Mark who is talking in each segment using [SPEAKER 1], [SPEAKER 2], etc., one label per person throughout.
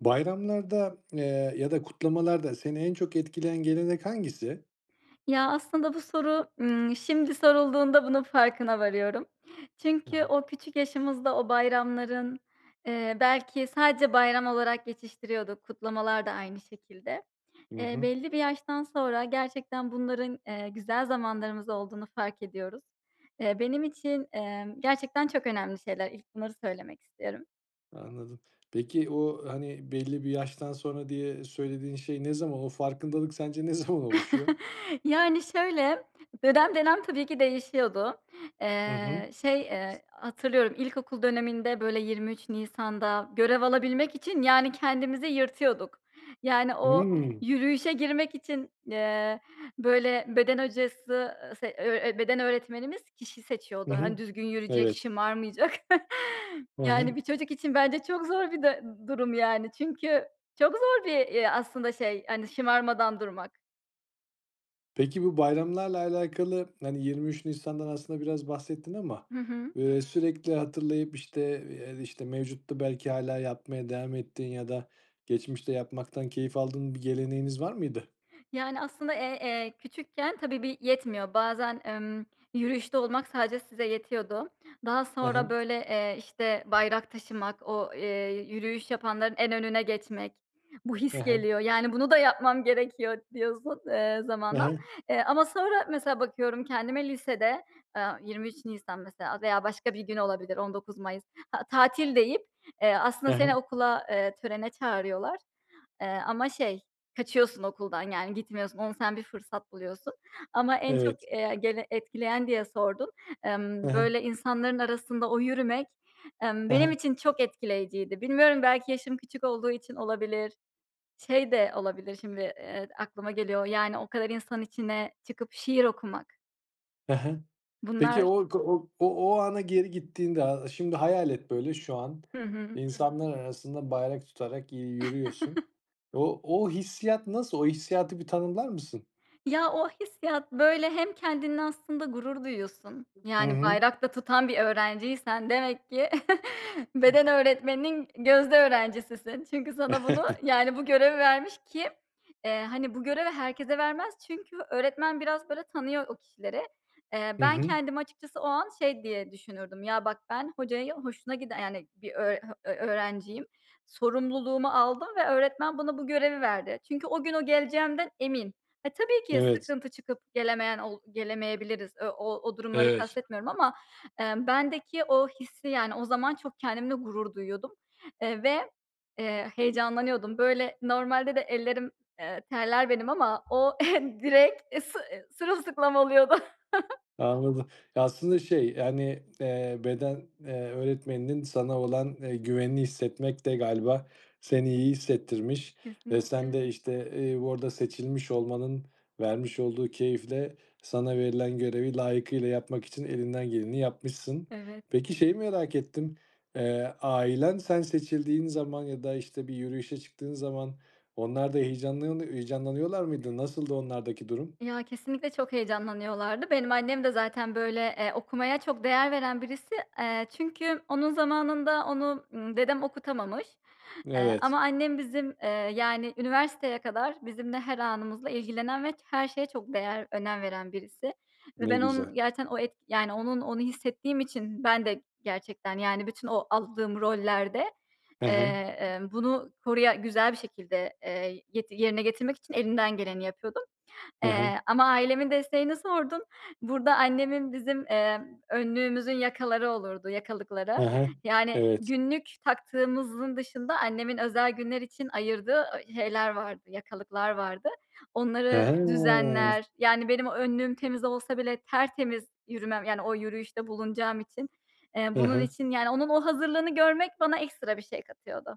[SPEAKER 1] Bayramlarda, eee, ya da kutlamalarda seni en çok etkileyen gelenek hangisi?
[SPEAKER 2] Ya, aslında bu soru, ımm, şimdi sorulduğunda bunun farkına varıyorum.
[SPEAKER 1] Hı
[SPEAKER 2] Çünkü
[SPEAKER 1] hı.
[SPEAKER 2] o küçük yaşımızda o bayramların, eee, belki sadece bayram olarak geçiştiriyorduk. Kutlamalar da aynı şekilde.
[SPEAKER 1] Hı
[SPEAKER 2] Eee,
[SPEAKER 1] hı.
[SPEAKER 2] belli bir yaştan sonra gerçekten bunların, eee, güzel zamanlarımız olduğunu fark ediyoruz. Eee, benim için, emm, gerçekten çok önemli şeyler ilk bunları söylemek istiyorum.
[SPEAKER 1] Anladım. Peki, o, hani, belli bir yaştan sonra diye söylediğin şey ne zaman? O farkındalık sence ne zaman oluşuyor?
[SPEAKER 2] Yani şöyle, dönem dönem tabii ki değişiyordu.
[SPEAKER 1] Hı hı.
[SPEAKER 2] Eee, şey, eee, hatırlıyorum ilkokul döneminde böyle 23 Nisan'da görev alabilmek için, yani, kendimizi yırtıyorduk. Yani, o
[SPEAKER 1] Hıı.
[SPEAKER 2] yürüyüşe girmek için, eee, böyle beden hocası, eee, se ö ö beden öğretmenimiz kişi
[SPEAKER 1] Hı
[SPEAKER 2] seçiyordu.
[SPEAKER 1] hı.
[SPEAKER 2] Hani, düzgün yürüyecek,
[SPEAKER 1] Evet.
[SPEAKER 2] şımarmayacak.
[SPEAKER 1] Hı
[SPEAKER 2] Yani,
[SPEAKER 1] hı.
[SPEAKER 2] bir çocuk için bence çok zor bir du durum yani. Çünkü çok zor bir, eee, aslında şey, hani, şımarmadan durmak.
[SPEAKER 1] Peki bu bayramlarla alakalı, hani, 23 Nisan'dan aslında biraz bahsettin ama,
[SPEAKER 2] Hı hı.
[SPEAKER 1] ııı, sürekli hatırlayıp, işte, eee, işte, mevcutta belki hâlâ yapmaya devam ettiğin ya da geçmişte yapmaktan keyif aldığın bir geleneğiniz var mıydı?
[SPEAKER 2] Yani, aslında, eee, eee, küçükken tabii bir yetmiyor. Bazen, emm, yürüyüşte olmak sadece size yetiyordu. Daha
[SPEAKER 1] Hı
[SPEAKER 2] sonra
[SPEAKER 1] hı.
[SPEAKER 2] böyle, eee, işte, bayrak taşımak, o, eee, yürüyüş yapanların en önüne geçmek, bu
[SPEAKER 1] Hı
[SPEAKER 2] his
[SPEAKER 1] hı.
[SPEAKER 2] geliyor. Yani bunu da yapmam gerekiyor d diyorsun, eee,
[SPEAKER 1] Hı
[SPEAKER 2] zamanla.
[SPEAKER 1] hı.
[SPEAKER 2] Eee, ama sonra mesela bakıyorum kendime lisede, aaa, 23 Nisan mesela veya başka bir gün olabilir, 19 Mayıs, a tatil deyip, eee,
[SPEAKER 1] Hı
[SPEAKER 2] aslında seni
[SPEAKER 1] hı.
[SPEAKER 2] okula, eee, törene çağırıyorlar. Eee, ama şey kaçıyorsun okuldan, yani gitmiyorsun, onu sen bir fırsat buluyorsun. Ama en çok,
[SPEAKER 1] Evet.
[SPEAKER 2] eee, gene etkileyen diye sordun.
[SPEAKER 1] Hı
[SPEAKER 2] Emm,
[SPEAKER 1] hı.
[SPEAKER 2] böyle insanların arasında o yürümek, emm,
[SPEAKER 1] Hı hı.
[SPEAKER 2] benim için çok etkileyiciydi. Bilmiyorum belki yaşım küçük olduğu için olabilir. Şey de olabilir şimdi, eee, aklıma geliyor yani o kadar insanın içine çıkıp şiir okumak.
[SPEAKER 1] Hı hı. Peki
[SPEAKER 2] Bunlar
[SPEAKER 1] o k o o ana geri gittiğinde, a şimdi hayal et böyle şu an,
[SPEAKER 2] Hı hı.
[SPEAKER 1] insanlar arasında bayrak tutarak, iii, yürüyorsun. O o hissiyat nasıl? O hissiyatı bir tanımlar mısın?
[SPEAKER 2] Ya, o hissiyat böyle hem kendinle aslında gurur duyuyorsun.
[SPEAKER 1] Hı
[SPEAKER 2] Yani
[SPEAKER 1] hı.
[SPEAKER 2] bayrak da tutan bir öğrenciysen demek ki beden öğretmeninin gözde öğrencisisin çünkü sana bunu yani bu görevi vermiş ki, eee, hani bu görevi herkese vermez çünkü öğretmen biraz böyle tanıyor o kişileri. Eee,
[SPEAKER 1] Hı
[SPEAKER 2] ben
[SPEAKER 1] hı.
[SPEAKER 2] kendimi açıkçası o an şey diye düşünürdüm "Ya, bak, ben hocaya hoşuna giden, e yani bir öğr ha ö öğrenciyim. Sorumluluğumu aldım ve öğretmen bana bu görevi verdi. Çünkü o gün o geleceğimden emin." Ha, tabii, ki
[SPEAKER 1] Evet.
[SPEAKER 2] sıkıntı çıkıp gelemeyen ol gelemeyebiliriz, e o o durumları
[SPEAKER 1] Evet.
[SPEAKER 2] kastetmiyorum ama, emm, bendeki o hissi yani o zaman çok kendimle gurur duyuyordum, eee, ve, eee, heyecanlanıyordum. Böyle normalde de ellerim, eee, terler benim ama o direk, eee, sı eee, sırılsıklam oluyordu.
[SPEAKER 1] Anladım, aslında şey yani, eee, beden, eee, öğretmeninin sana olan, eee, güvenini hissetmek de galiba seni iyi hissettirmiş ve sen
[SPEAKER 2] Kesinlikle.
[SPEAKER 1] de, işte, ııı, burada seçilmiş olmanın vermiş olduğu keyifle sana verilen görevi layıkıyla yapmak için elinden geleni yapmışsın.
[SPEAKER 2] Evet.
[SPEAKER 1] Peki şeyi merak ettim, eee, ailen sen seçildiğin zaman ya da, işte, bir yürüyüşe çıktığın zaman onlar da heyecanlanı heyecanlanıyorlar mıydı? Nasıldı onlardaki durum?
[SPEAKER 2] Ya kesinlikle çok heyecanlanıyorlardı. Benim annem de zaten böyle, eee, okumaya çok değer veren birisi. Eee, çünkü onun zamanında onu, ımm, dedem okutamamış, eee,
[SPEAKER 1] Evet.
[SPEAKER 2] ama annem bizim, eee, yani üniversiteye kadar bizimle her anımızla ilgilenen ve ç her şeye çok değer önem veren birisi ve
[SPEAKER 1] Ne
[SPEAKER 2] ben
[SPEAKER 1] güzel.
[SPEAKER 2] onun gerçekten o et onun onu hissettiğim için ben de gerçekten yani bütün o aldığım rollerde,
[SPEAKER 1] Hı
[SPEAKER 2] eee,
[SPEAKER 1] hı.
[SPEAKER 2] emm, bunu koruya güzel bir şekilde, eee, get yerine getirmek için elinden geleni yapıyordum.
[SPEAKER 1] Hı hı.
[SPEAKER 2] Eee, ama ailemin desteğini sordun. Burada annemin bizim, emm, önlüğümüzün yakaları olurdu,
[SPEAKER 1] Hı
[SPEAKER 2] yakalıkları.
[SPEAKER 1] hı,
[SPEAKER 2] Yani
[SPEAKER 1] evet.
[SPEAKER 2] günlük taktığımızın dışında annemin özel günler için ayırdığı, ııı, şeyler vardı, yakalıklar vardı. Onları
[SPEAKER 1] He.
[SPEAKER 2] düzenler yani benim o önlüğüm temiz olsa bile tertemiz yürümem yani o yürüyüşte bulunacağım için. Eee,
[SPEAKER 1] Hı
[SPEAKER 2] bunun
[SPEAKER 1] hı.
[SPEAKER 2] için yani onun o hazırlığını görmek bana ekstra bir şey katıyordu.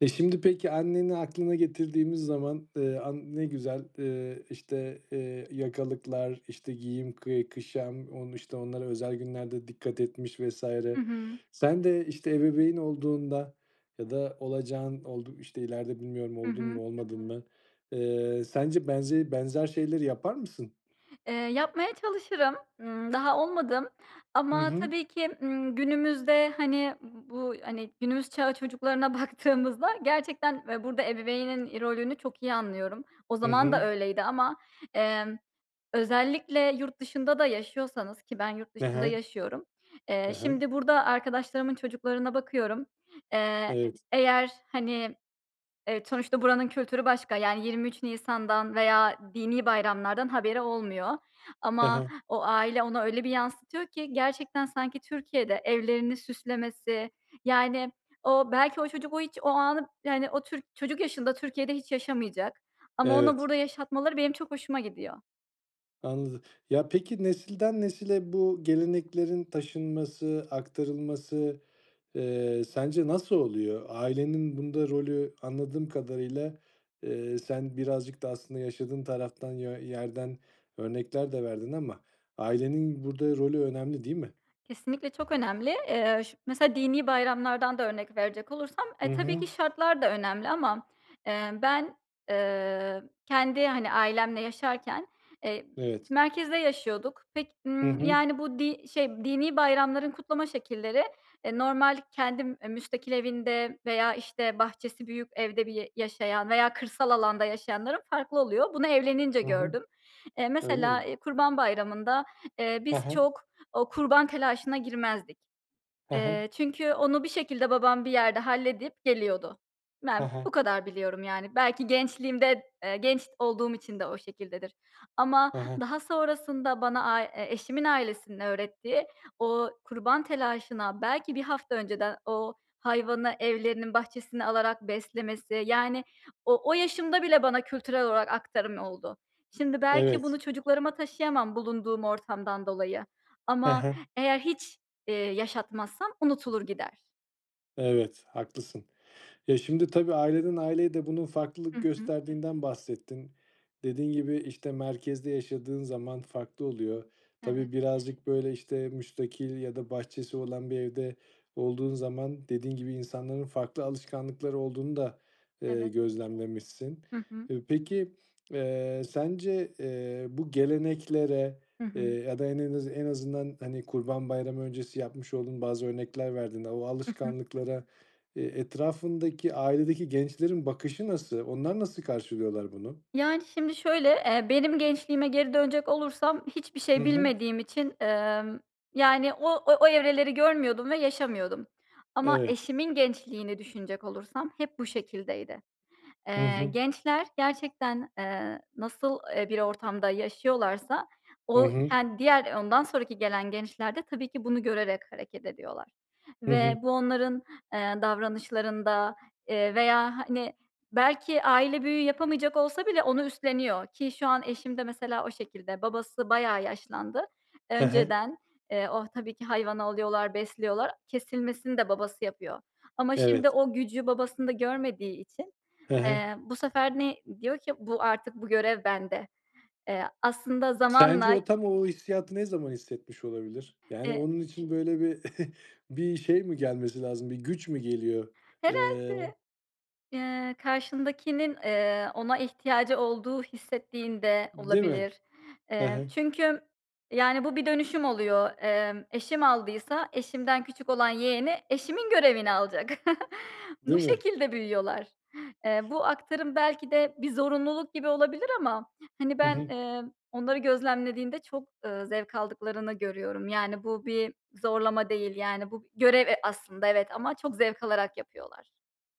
[SPEAKER 1] E, şimdi peki, anneni aklına getirdiğimiz zaman, eee, an ne güzel, eee, işte, eee, yakalıklar, işte giyim, kı kuşam, onu, işte, onlara özel günlerde dikkat etmiş vs.
[SPEAKER 2] Hı hı.
[SPEAKER 1] Sen de, işte, ebeveyn olduğunda ya da olacağın oldu işte, ileride, bilmiyorum,
[SPEAKER 2] Hı
[SPEAKER 1] oldun
[SPEAKER 2] hı.
[SPEAKER 1] mu, olmadın mı? Eee, sence benze benzer şeyleri yapar mısın?
[SPEAKER 2] Eee, yapmaya çalışırım, ımm, daha olmadım.
[SPEAKER 1] Hı
[SPEAKER 2] Ama
[SPEAKER 1] hı.
[SPEAKER 2] tabii ki, ımm, günümüzde, hani, ııı, bu, hani, günümüz çağı çocuklarına baktığımızda gerçekten ve burada ebeveynin i rolünü çok iyi anlıyorum. O
[SPEAKER 1] Hı
[SPEAKER 2] zaman
[SPEAKER 1] hı.
[SPEAKER 2] da öyleydi ama, emm, özellikle yurt dışında da yaşıyorsanız ki ben yurt
[SPEAKER 1] He
[SPEAKER 2] dışında
[SPEAKER 1] he.
[SPEAKER 2] yaşıyorum. Eee,
[SPEAKER 1] He he.
[SPEAKER 2] şimdi burada arkadaşlarımın çocuklarına bakıyorum. Eee,
[SPEAKER 1] Evet.
[SPEAKER 2] eğer, hani, evet, sonuçta buranın kültürü başka yani 23 Nisan'dan veya dini bayramlardan haberi olmuyor.
[SPEAKER 1] He
[SPEAKER 2] Ama
[SPEAKER 1] he.
[SPEAKER 2] o aile ona öyle bir yansıtıyor ki gerçekten sanki Türkiye'de evlerini süslemesi, yani, o belki o çocuk o hiç o anı yani o tür çocuk yaşında Türkiye'de hiç yaşamayacak. Ama ona
[SPEAKER 1] Evet.
[SPEAKER 2] burada yaşatmaları benim çok hoşuma gidiyor.
[SPEAKER 1] Anladım. Ya, peki, nesilden nesile bu geleneklerin taşınması, aktarılması, eee, sence nasıl oluyor? Ailenin bunda rolü anladığım kadarıyla, eee, sen birazcık da aslında yaşadığın taraftan yö yerden örnekler de verdin ama ailenin burada rolü önemli, değil mi?
[SPEAKER 2] Kesinlikle çok önemli. Eee, ş mesela dini bayramlardan da örnek verecek olursam,
[SPEAKER 1] Hı
[SPEAKER 2] e, tabii ki
[SPEAKER 1] hı.
[SPEAKER 2] şartlar da önemli ama, emm, ben, eee, kendi, hani, ailemle yaşarken, eee,
[SPEAKER 1] Evet.
[SPEAKER 2] merkezde yaşıyorduk. Pek,
[SPEAKER 1] Hı
[SPEAKER 2] ımm,
[SPEAKER 1] hı.
[SPEAKER 2] yani, bu di şey dini bayramların kutlama şekilleri, eee, normal kendim müstakil evinde veya işte bahçesi büyük evde bir y yaşayan veya kırsal alanda yaşayanların farklı oluyor. Bunu evlenince
[SPEAKER 1] Hı hı.
[SPEAKER 2] gördüm. Eee,
[SPEAKER 1] Öyle mi?
[SPEAKER 2] mesela, e, Kurban Bayramı'nda, eee,
[SPEAKER 1] He
[SPEAKER 2] biz
[SPEAKER 1] he.
[SPEAKER 2] çok o kurban telaşına girmezdik.
[SPEAKER 1] He he.
[SPEAKER 2] Eee, çünkü onu bir şekilde babam bir yerde halledip geliyordu.
[SPEAKER 1] He
[SPEAKER 2] Ben
[SPEAKER 1] he.
[SPEAKER 2] bu kadar biliyorum, yani. Belki gençliğimde, eee, genç olduğum için de o şekildedir. Ama
[SPEAKER 1] He he.
[SPEAKER 2] daha sonrasında bana, a eşimin ailesinin öğrettiği o kurban telaşına belki 1 hafta önceden o hayvanı evlerinin bahçesine alarak beslemesi, yani, o o yaşımda bile bana kültürel olarak aktarım oldu. Şimdi belki bunu
[SPEAKER 1] Evet.
[SPEAKER 2] çocuklarıma taşıyamam bulunduğum ortamdan dolayı.
[SPEAKER 1] He
[SPEAKER 2] Ama
[SPEAKER 1] he.
[SPEAKER 2] eğer hiç, eee, yaşatmazsam unutulur gider.
[SPEAKER 1] Evet, haklısın. Ya, şimdi tabii aileden aileye de bunun
[SPEAKER 2] Hı
[SPEAKER 1] farklılık
[SPEAKER 2] hı.
[SPEAKER 1] gösterdiğinden bahsettin. Dediğin gibi, işte, merkezde yaşadığın zaman farklı oluyor.
[SPEAKER 2] Evet.
[SPEAKER 1] Tabii birazcık böyle, işte, müstakil ya da bahçesi olan bir evde olduğun zaman, dediğin gibi, insanların farklı alışkanlıkları olduğunu da, eee,
[SPEAKER 2] Evet.
[SPEAKER 1] gözlemlemişsin.
[SPEAKER 2] Hı hı.
[SPEAKER 1] E, peki eee, sence, eee, bu geleneklere,
[SPEAKER 2] Hı
[SPEAKER 1] eee,
[SPEAKER 2] hı.
[SPEAKER 1] ya da en en azı en azından, hani, kurban bayramı öncesi yapmış olduğun bazı örnekler verdiğinde, o
[SPEAKER 2] Hı hı.
[SPEAKER 1] alışkanlıklara, eee, etrafındaki, ailedeki gençlerin bakışı nasıl? Onlar nasıl karşılıyorlar bunu?
[SPEAKER 2] Yani, şimdi şöyle, eee, benim gençliğime geri dönecek olursam hiçbir
[SPEAKER 1] Hı
[SPEAKER 2] şey
[SPEAKER 1] hı.
[SPEAKER 2] bilmediğim için, emm, yani, o o evreleri görmüyordum ve yaşamıyordum. Ama
[SPEAKER 1] Evet.
[SPEAKER 2] eşimin gençliğini düşünecek olursam hep bu şekildeydi.
[SPEAKER 1] Hı
[SPEAKER 2] Eee,
[SPEAKER 1] hı.
[SPEAKER 2] gençler gerçekten, eee, nasıl, eee, bir ortamda yaşıyorlarsa,
[SPEAKER 1] Hı
[SPEAKER 2] o
[SPEAKER 1] hı.
[SPEAKER 2] ken diğer ondan sonraki gelen gençler de tabii ki bunu görerek hareket ediyorlar
[SPEAKER 1] Hı
[SPEAKER 2] ve
[SPEAKER 1] hı.
[SPEAKER 2] bu onların, eee, davranışlarında, eee, veya, hani, belki aile büyüğü yapamayacak olsa bile onu üstleniyor ki şu an eşim de mesela o şekilde. Babası bayağı yaşlandı
[SPEAKER 1] He he.
[SPEAKER 2] önceden. Eee, oh, tabii ki hayvanı alıyorlar, besliyorlar, kesilmesini de babası yapıyor. Ama şimdi
[SPEAKER 1] Evet.
[SPEAKER 2] o gücü babasında görmediği için,
[SPEAKER 1] Hı hı.
[SPEAKER 2] eee, bu sefer ne diyor ki bu artık bu görev bende. Eee, aslında
[SPEAKER 1] Sence
[SPEAKER 2] zamanla
[SPEAKER 1] o tam o hissiyatı ne zaman hissetmiş olabilir? Yani,
[SPEAKER 2] E
[SPEAKER 1] onun için böyle bir bir şey mi gelmesi lazım, bir güç mü geliyor? Eee
[SPEAKER 2] Herhâlde. Eee, karşındakinin, eee, ona ihtiyacı olduğu hissettiğin de
[SPEAKER 1] Değil mi?
[SPEAKER 2] olabilir.
[SPEAKER 1] Hı
[SPEAKER 2] Eee,
[SPEAKER 1] hı.
[SPEAKER 2] çünkü, yani, bu bir dönüşüm oluyor. Emm, eşim aldıysa eşimden küçük olan yeğeni eşimin görevini alacak. Bu
[SPEAKER 1] Değil mi?
[SPEAKER 2] şekilde büyüyorlar. Eee, bu aktarım belki de bir zorunluluk gibi olabilir ama, hani,
[SPEAKER 1] Hı
[SPEAKER 2] ben,
[SPEAKER 1] hı.
[SPEAKER 2] eee, onları gözlemlediğinde çok, eee, zevk aldıklarını görüyorum. Yani bu bir zorlama değil, yani, bu görev e aslında, evet ama çok zevk alarak yapıyorlar.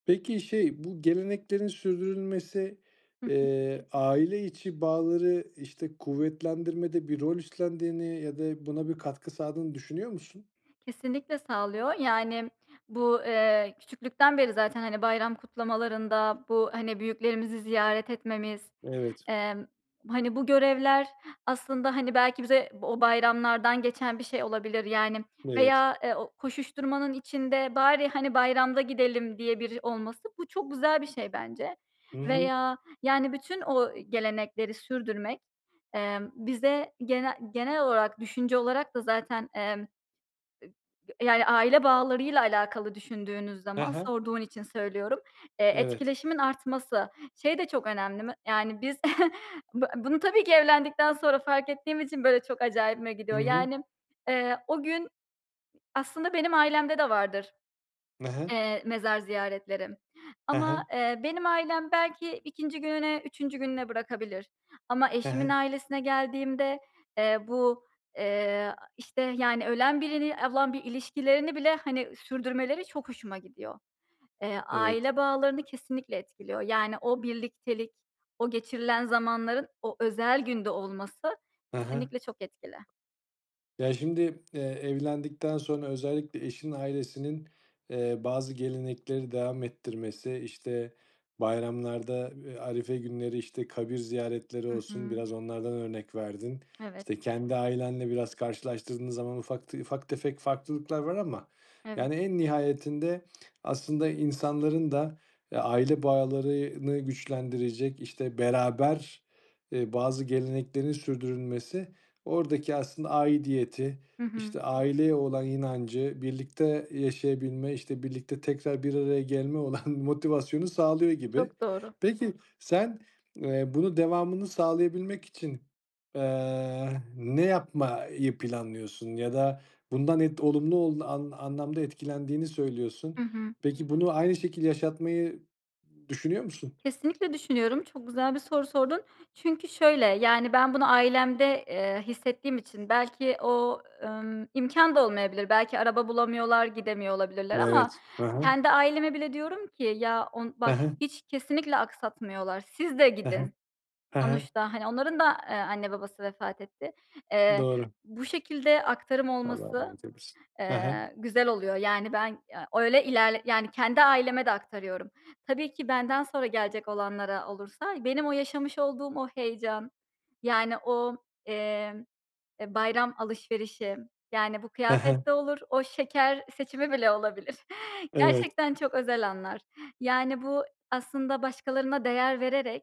[SPEAKER 1] Peki, şey bu geleneklerin sürdürülmesi,
[SPEAKER 2] Hı hı.
[SPEAKER 1] eee, aile içi bağları, işte, kuvvetlendirmede bir rol üstlendiğini ya da buna bir katkı sağladığını düşünüyor musun?
[SPEAKER 2] Kesinlikle sağlıyor. Yani, bu, eee, küçüklükten beri zaten, hani, bayram kutlamalarında bu, hani, büyüklerimizi ziyaret etmemiz,
[SPEAKER 1] Evet.
[SPEAKER 2] emm, hani, bu görevler aslında, hani, belki bize o bayramlardan geçen bir şey olabilir, yani,
[SPEAKER 1] Evet.
[SPEAKER 2] veya, eee, o koşuşturmanın içinde bari, hani, bayramda gidelim diye biri olması, bu çok güzel bir şey bence
[SPEAKER 1] Hı hı.
[SPEAKER 2] veya, yani, bütün o gelenekleri sürdürmek, emm, bize gene genel olarak düşünce olarak da zaten, emm, [unintelligible] yani, aile bağlarıyla alakalı düşündüğünüz
[SPEAKER 1] Hı
[SPEAKER 2] zaman,
[SPEAKER 1] hı.
[SPEAKER 2] sorduğun için söylüyorum, eee,
[SPEAKER 1] Evet.
[SPEAKER 2] etkileşimin artması. Şey de çok önemli me yani, biz bu bunu tabii ki evlendikten sonra fark ettiğim için, böyle, çok acayibime
[SPEAKER 1] Hı
[SPEAKER 2] gidiyor.
[SPEAKER 1] hı.
[SPEAKER 2] Yani, eee, o gün aslında benim ailemde de vardır,
[SPEAKER 1] He he.
[SPEAKER 2] eee, mezar ziyaretleri
[SPEAKER 1] He
[SPEAKER 2] ama,
[SPEAKER 1] he.
[SPEAKER 2] eee, benim ailem belki 2. gününe, 3. gününe bırakabilir ama
[SPEAKER 1] He
[SPEAKER 2] eşimin
[SPEAKER 1] he.
[SPEAKER 2] ailesine geldiğimde, eee, bu, eee, işte, yani, ölen birini olan bir ilişkilerini bile, hani, sürdürmeleri çok hoşuma gidiyor. Eee,
[SPEAKER 1] Evet.
[SPEAKER 2] aile bağlarını kesinlikle etkiliyor. Yani, o birliktelik, o geçirilen zamanların o özel günde olması
[SPEAKER 1] He he.
[SPEAKER 2] kesinlikle çok etkili.
[SPEAKER 1] Ya, şimdi, eee, evlendikten sonra özellikle eşinin ailesinin, eee, bazı gelenekleri devam ettirmesi, işte, bayramlarda, eee, arife günleri, işte, kabir ziyaretleri
[SPEAKER 2] Hı
[SPEAKER 1] olsun
[SPEAKER 2] hı.
[SPEAKER 1] biraz onlardan örnek verdin.
[SPEAKER 2] Evet.
[SPEAKER 1] İşte, kendi ailenle biraz karşılaştırdığınız zaman ufak te ufak tefek farklılıklar var ama,
[SPEAKER 2] Evet.
[SPEAKER 1] yani, en nihayetinde aslında insanların da, eee, aile bağlarını güçlendirecek, işte, beraber, eee, bazı geleneklerin sürdürülmesi, oradaki aslında aidiyeti,
[SPEAKER 2] Hı hı.
[SPEAKER 1] işte, aileye olan inancı, birlikte yaşayabilme, işte, birlikte tekrar bir araya gelmek olan motivasyonu sağlıyor gibi.
[SPEAKER 2] Çok doğru.
[SPEAKER 1] Peki, sen, eee, bunun devamını sağlayabilmek için, eee, ne yapmayı planlıyorsun ya da bundan ed olumlu ol an an anlamda etkilendiğini
[SPEAKER 2] Hı
[SPEAKER 1] söylüyorsun.
[SPEAKER 2] hı.
[SPEAKER 1] Peki, bunu aynı şekilde yaşatmayı düşünüyor musun?
[SPEAKER 2] Kesinlikle düşünüyorum. Çok güzel bir soru sordun. Çünkü şöyle, yani, ben bunu ailemde, eee, hissettiğim için belki o, ımm, imkân da olmayabilir, belki araba bulamıyorlar, gidemiyor olabilirler ama
[SPEAKER 1] Evet, hı hı.
[SPEAKER 2] kendi aileme bile diyorum ki: "Ya on
[SPEAKER 1] Hı
[SPEAKER 2] bak
[SPEAKER 1] hı.
[SPEAKER 2] hiç kesinlikle aksatmıyorlar, siz de
[SPEAKER 1] Hı hı,
[SPEAKER 2] gidin."
[SPEAKER 1] hı hı.
[SPEAKER 2] Sonuçta, hani, onların da, eee, anne babası vefat etti. Eee,
[SPEAKER 1] Doğru.
[SPEAKER 2] bu şekilde aktarım
[SPEAKER 1] Allah
[SPEAKER 2] olması,
[SPEAKER 1] rahmet eylesin, hı hı.
[SPEAKER 2] eee, güzel oluyor. Yani, ben, eee, öyle ilerle yani, kendi aileme de aktarıyorum. Tabii ki benden sonra gelecek olanlara olursa benim o yaşamış olduğum o heyecan, yani, o, eee, eee, bayram alışverişi, yani, bu
[SPEAKER 1] Hı hı.
[SPEAKER 2] kıyafet de olur o şeker seçimi bile olabilir.
[SPEAKER 1] Evet.
[SPEAKER 2] Gerçekten çok özel anlar. Yani, bu aslında başkalarına değer vererek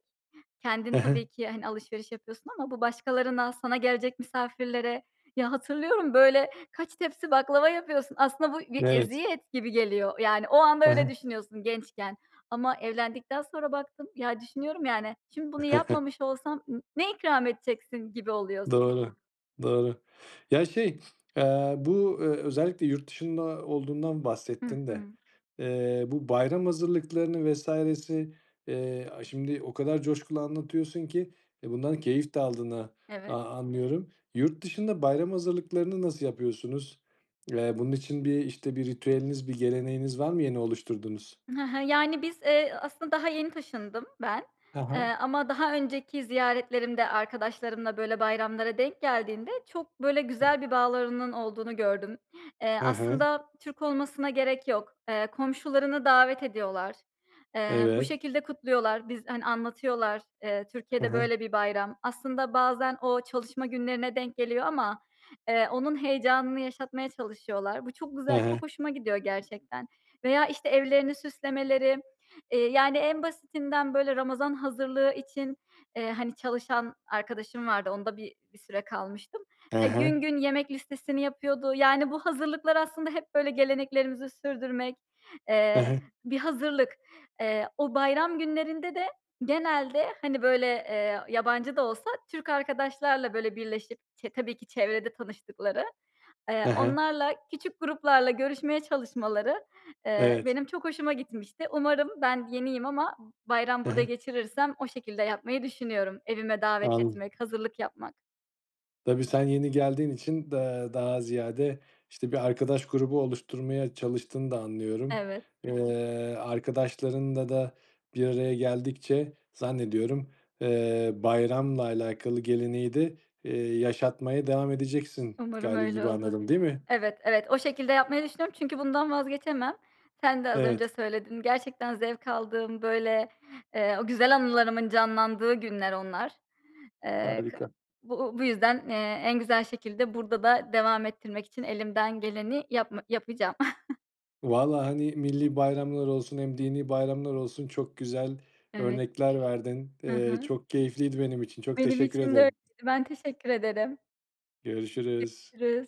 [SPEAKER 2] kendin
[SPEAKER 1] Hı
[SPEAKER 2] tabii
[SPEAKER 1] hı.
[SPEAKER 2] ki hani alışveriş yapıyorsun ama bu başkalarına sana gelecek misafirlere. Ya, hatırlıyorum böyle kaç tepsi baklava yapıyorsun, aslında bu bir
[SPEAKER 1] Evet.
[SPEAKER 2] eziyet gibi geliyor. Yani o anda
[SPEAKER 1] Hı
[SPEAKER 2] öyle
[SPEAKER 1] hı.
[SPEAKER 2] düşünüyorsun gençken ama evlendikten sonra baktım. Ya, düşünüyorum, yani, şimdi bunu yapmamış olsam n ne ikram edeceksin gibi oluyorsun.
[SPEAKER 1] Doğru, doğru. Ya, şey, eee, bu, eee, özellikle yurt dışında olduğundan
[SPEAKER 2] Hı
[SPEAKER 1] bahsettin de,
[SPEAKER 2] hı.
[SPEAKER 1] eee, bu bayram hazırlıklarını vs.si, eee, aaa, şimdi o kadar coşkulu anlatıyorsun ki, e, bundan keyif de aldığını
[SPEAKER 2] Evet.
[SPEAKER 1] a anlıyorum. Yurtdışında bayram hazırlıklarını nasıl yapıyorsunuz? Eee, bunun için bir, işte, bir ritüeliniz, bir geleneğiniz var mı yeni oluşturduğunuz?
[SPEAKER 2] Hı hı, yani, biz, eee, aslında daha yeni taşındım ben.
[SPEAKER 1] Ha
[SPEAKER 2] Eee,
[SPEAKER 1] ha.
[SPEAKER 2] ama daha önceki ziyaretlerimde arkadaşlarımla, böyle, bayramlara denk geldiğinde çok, böyle, güzel bir bağlarının olduğunu gördüm. Eee,
[SPEAKER 1] Hı hı.
[SPEAKER 2] aslında Türk olmasına gerek yok. Eee, komşularını davet ediyorlar. Eee, bu
[SPEAKER 1] Evet.
[SPEAKER 2] şekilde kutluyorlar. Biz, hani, anlatıyorlar, eee,
[SPEAKER 1] Hı
[SPEAKER 2] Türkiye'de
[SPEAKER 1] hı.
[SPEAKER 2] böyle bir bayram. Aslında bazen o çalışma günlerine denk geliyor ama, eee, onun heyecanını yaşatmaya çalışıyorlar. Bu çok
[SPEAKER 1] Hı
[SPEAKER 2] güzel,
[SPEAKER 1] hı.
[SPEAKER 2] çok hoşuma gidiyor gerçekten veya işte evlerini süslemeleri. Eee, yani, en basitinden böyle Ramazan hazırlığı için, eee, hani, çalışan arkadaşım vardı onda bir bir süre kalmıştım.
[SPEAKER 1] E
[SPEAKER 2] Eee, gün
[SPEAKER 1] he.
[SPEAKER 2] gün yemek listesini yapıyordu. Yani, bu hazırlıklar aslında hep böyle geleneklerimizi sürdürmek,
[SPEAKER 1] He
[SPEAKER 2] eee,
[SPEAKER 1] he.
[SPEAKER 2] bir hazırlık. Eee, o bayram günlerinde de genelde, hani, böyle, eee, yabancı da olsa Türk arkadaşlarla böyle birleşip çe tabii ki çevrede tanıştıkları, eee,
[SPEAKER 1] He he.
[SPEAKER 2] onlarla, küçük gruplarla görüşmeye çalışmaları, eee,
[SPEAKER 1] Evet.
[SPEAKER 2] benim çok hoşuma gitmişti. Umarım ben yeniyim ama bayram
[SPEAKER 1] Hı
[SPEAKER 2] burada
[SPEAKER 1] hı.
[SPEAKER 2] geçirirsem o şekilde yapmayı düşünüyorum evime davet
[SPEAKER 1] Anladım.
[SPEAKER 2] etmek, hazırlık yapmak.
[SPEAKER 1] Tabii sen yeni geldiğin için da daha ziyade, işte, bir arkadaş grubu oluşturmaya çalıştığını da anlıyorum.
[SPEAKER 2] Evet.
[SPEAKER 1] Eee, arkadaşlarınla da bir araya geldikçe zannediyorum, eee, bayramla alakalı geleneği de, eee, yaşatmaya devam edeceksin
[SPEAKER 2] Umarım
[SPEAKER 1] gali
[SPEAKER 2] öyle
[SPEAKER 1] gibi
[SPEAKER 2] olur.
[SPEAKER 1] anladım, değil mi?
[SPEAKER 2] Evet, evet o şekilde yapmayı düşünüyorum. Çünkü bundan vazgeçemem. Sen de az
[SPEAKER 1] Evet.
[SPEAKER 2] önce söyledin. Gerçekten zevk aldığım, böyle, eee, o güzel anılarımın canlandığı günler onlar. Eee, kı
[SPEAKER 1] Harika.
[SPEAKER 2] bu bu yüzden, eee, en güzel şekilde burada da devam ettirmek için elimden geleni yapma yapacağım.
[SPEAKER 1] Valla, hani, milli bayramlar olsun, hem dini bayramlar olsun, çok güzel
[SPEAKER 2] Evet.
[SPEAKER 1] örnekler verdin.
[SPEAKER 2] Hı
[SPEAKER 1] Eee,
[SPEAKER 2] hı.
[SPEAKER 1] çok keyifliydi benim için. Çok
[SPEAKER 2] Benim
[SPEAKER 1] teşekkür
[SPEAKER 2] için de öyleydi.
[SPEAKER 1] ederim.
[SPEAKER 2] Ben teşekkür ederim.
[SPEAKER 1] Görüşürüz.
[SPEAKER 2] Görüşürüz.